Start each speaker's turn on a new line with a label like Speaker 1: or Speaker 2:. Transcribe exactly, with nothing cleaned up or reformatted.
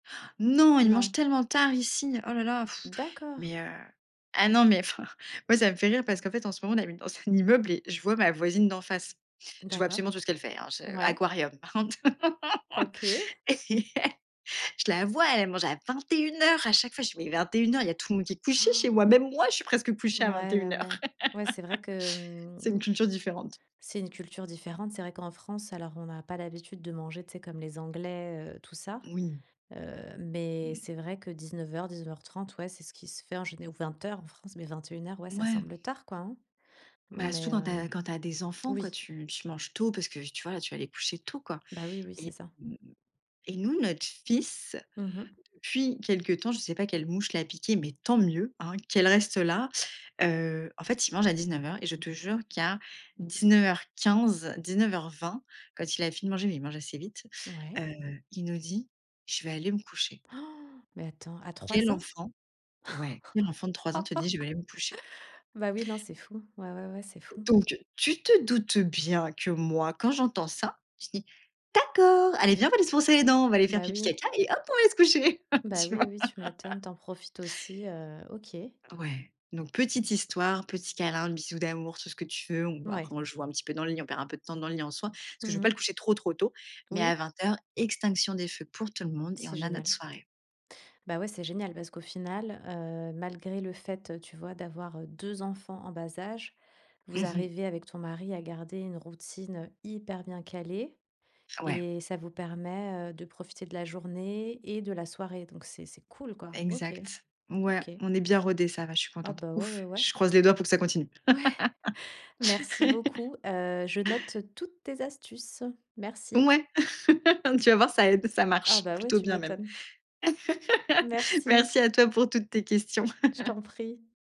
Speaker 1: Non! Ils mangent
Speaker 2: Non.
Speaker 1: tellement tard ici. Oh là, là, pff!
Speaker 2: D'accord.
Speaker 1: Mais, heu, ah non, mais, enfin moi, ça me fait rire parce qu'en fait, en ce moment, on habite dans un immeuble et je vois ma voisine d'en face. Je vois
Speaker 2: D'accord.
Speaker 1: absolument tout ce qu'elle fait, hein, je
Speaker 2: Ouais.
Speaker 1: aquarium par contre.
Speaker 2: OK.
Speaker 1: Et je la vois, elle mange à vingt-et-une heures! À chaque fois, je fais: «Mais vingt-et-une heures, il y a tout le monde qui est couché chez moi»!
Speaker 2: Han!
Speaker 1: Même moi, je suis presque couchée
Speaker 2: Ouais
Speaker 1: à
Speaker 2: ouais
Speaker 1: vingt-et-une heures.
Speaker 2: ouais. Ouais, c'est vrai que, hem,
Speaker 1: C'est une culture différente.
Speaker 2: c'est une culture différente. C'est vrai qu'en France alors, on a pas l'habitude de manger, tu sais, comme les Anglais, heu, tout ça.
Speaker 1: Oui.
Speaker 2: Heu, mais
Speaker 1: Mmh.
Speaker 2: c'est vrai que dix-neuf heures, dix-neuf heures trente ouais, c'est ce qui se fait en géné ou vingt heures, en France. Mais vingt-et-une heures, ouais ça
Speaker 1: Ouais.
Speaker 2: semble tard, quoi. Hein? Non
Speaker 1: Bah,
Speaker 2: mais,
Speaker 1: souvent, tu
Speaker 2: heu,
Speaker 1: as quand tu as des enfants, quoi,
Speaker 2: oui.
Speaker 1: t, tu manges tôt parce que, tu vois, tu vas les coucher tôt, quoi.
Speaker 2: Bah, oui, oui, c'est ça.
Speaker 1: Et, hem, et nous, notre fils,
Speaker 2: Mmh mh.
Speaker 1: depuis quelque temps, je sais pas quelle mouche l'a piqué, mais tant mieux! Hein, qu'elle reste là. Heu, en fait, il mange à dix-neuf heures et je te jure qu'à dix-neuf heures quinze, dix-neuf heures vingt, quand il a fini de manger, mais il mange assez vite,
Speaker 2: Ouais.
Speaker 1: heu il nous dit: «Je vais aller me coucher.»
Speaker 2: Han! Mais attends, à
Speaker 1: Quel
Speaker 2: trois ans?
Speaker 1: enfant ouais. Quel enfant de trois ans te dit: «Je vais aller me coucher»?
Speaker 2: Bah oui! Non, c'est fou. Ouais ouais ouais, c'est fou.
Speaker 1: Donc, tu te doutes bien que moi, quand j'entends ça, je dis: «D'accord! Allez viens, on va aller se brosser les dents, on va aller faire
Speaker 2: Bah,
Speaker 1: pipi,
Speaker 2: oui.
Speaker 1: caca et hop, on va aller se coucher.»
Speaker 2: Bah,
Speaker 1: Tu vois?
Speaker 2: oui, oui, tu m'étonnes. Tu en profites aussi, heu, OK.
Speaker 1: Ouais. Donc, petite histoire, petit câlin, bisou d'amour, tout ce que tu veux, on
Speaker 2: Ouais.
Speaker 1: après, on joue un petit peu dans le lit, on perd un peu de temps dans le lit en soi, parce
Speaker 2: Mmh
Speaker 1: que je veux pas le
Speaker 2: mh.
Speaker 1: coucher trop trop tôt. Mais à
Speaker 2: Oui.
Speaker 1: vingt heures, extinction des feux pour tout le monde et
Speaker 2: C'est
Speaker 1: on a notre
Speaker 2: génial.
Speaker 1: soirée.
Speaker 2: Bah ouais, c'est génial parce qu'au final, heu, malgré le fait, heu, tu vois, d'avoir, heu, deux enfants en bas âge,
Speaker 1: Mmh
Speaker 2: vous
Speaker 1: mh.
Speaker 2: arrivez, avec ton mari, à garder une routine, heu, hyper bien calée.
Speaker 1: Ouais.
Speaker 2: Et ça vous permet, heu, de profiter de la journée et de la soirée. Donc c'est c'est cool, quoi. OK,
Speaker 1: Exact. Ouais.
Speaker 2: OK.
Speaker 1: On est bien rodés, ça va, je suis
Speaker 2: Ah
Speaker 1: contente.
Speaker 2: bah, ouais
Speaker 1: Ouf!
Speaker 2: ouais ouais.
Speaker 1: Je croise les doigts pour que ça continue.
Speaker 2: Ouais! Merci beaucoup, heu, je note toutes tes astuces. Merci.
Speaker 1: Ouais. Tu vas voir, ça aide. Ça
Speaker 2: Ah
Speaker 1: marche,
Speaker 2: bah, ouais,
Speaker 1: plutôt
Speaker 2: tu
Speaker 1: bien, même.
Speaker 2: m'étonnes. Merci.
Speaker 1: Merci à toi pour toutes tes questions.
Speaker 2: Je t'en prie.